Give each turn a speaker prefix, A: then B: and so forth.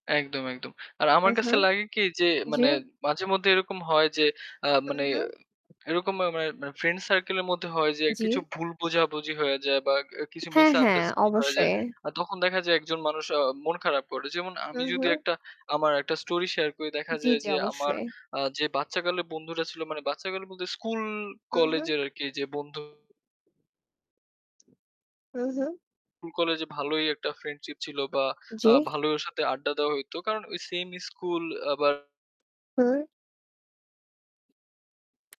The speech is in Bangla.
A: একদম, একদম। আর আমার কাছে
B: উম-হুম।
A: লাগে কি, যে
B: জি।
A: মানে মাঝেমধ্যে এরকম হয় যে,
B: হুম,
A: মানে
B: হুম।
A: এরকম মা মানে মানে ফ্রেন্ড সার্কেলের মধ্যে হয় যে, কিছু
B: জি।
A: ভুল বোঝাবুঝি হয়ে যায় বা এ কিছু
B: হ্যাঁ, হ্যাঁ
A: misunderstanding হয়ে যায়।
B: অবশ্যই।
A: আ তখন দেখা যায় একজন মানুষ অ মন খারাপ করে। যেমন আমি
B: হুম,
A: যদি
B: হুম।
A: একটা আমার একটা story share করি, দেখা
B: জি,
A: যায়
B: জি
A: যে আমার
B: অবশ্যই।
A: আ যে বাচ্চাকালে বন্ধুরা ছিল, মানে বাচ্চাকালে বলতে স্কুল,
B: উম
A: কলেজ
B: হুম।
A: এর আরকি এইযে বন্ধু
B: উম হুম।
A: কুল, কলেজে ভালোই একটা friendship ছিল বা আ
B: জি?
A: ভালোই ওর সাথে আড্ডা দেওয়া হইতো কারণ ওই same school আবার
B: হুম।